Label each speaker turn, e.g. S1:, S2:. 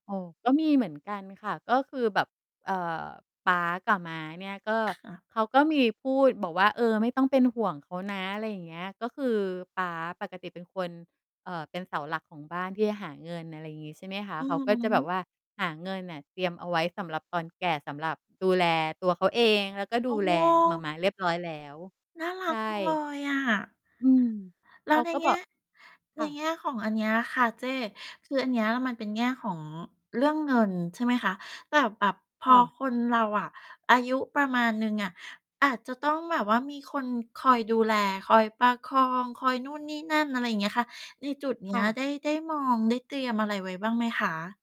S1: โอ้ ก็มีเหมือนกันค่ะ ก็คือแบบ เอ่อ ป๊ากับม้าเนี่ย ก็
S2: ค่ะ
S1: เขาก็มีพูดบอกว่า "เออ ไม่ต้องเป็นห่วง เขานะ" อะไรอย่างเงี้ย ก็คือป๊าปกติเป็นคน เอ่อ เป็นเสาหลักของบ้านที่จะหาเงิน อะไรอย่างงี้ ใช่ไหมคะ
S2: อื
S1: เขา
S2: อ
S1: ก็จะแ
S2: ฮ
S1: บ
S2: ึ
S1: บว่า หาเงินน่ะเตรียมเอาไว้สำหรับตอนแก่ สำหรับดูแลตัวเขาเอง แล้วก็
S2: โ
S1: ด
S2: อ
S1: ูแลหม่า
S2: ้!
S1: ม้าเรียบร้อยแล้ว
S2: น่าร
S1: ใ
S2: ั
S1: ช
S2: กจังเล
S1: ่
S2: ยอะ
S1: อืม
S2: แล้
S1: เข
S2: ว
S1: า
S2: ใน
S1: ก็
S2: แง
S1: บอ
S2: ่
S1: ก
S2: ใ
S1: ค
S2: น
S1: ่ะ
S2: แง่ของอันเนี้ยค่ะเจ๊ คืออันเนี้ยมันเป็นแง่ของเรื่องเงิน ใช่ไหมคะ แต่แบบพ
S1: ค่
S2: อ
S1: ะ
S2: คนเราอะอายุประมาณหนึ่งอะ อาจจะต้องแบบว่ามีคนคอยดูแล คอยประคอง คอยนู่นนี่นั่น อะไรอย่างเงี้ยค่ะ ในจุดเนี
S1: ค
S2: ้
S1: ่
S2: ย
S1: ะ
S2: ได้ ได้มองได้เตรียมอะไรไว้บ้างไหมคะ?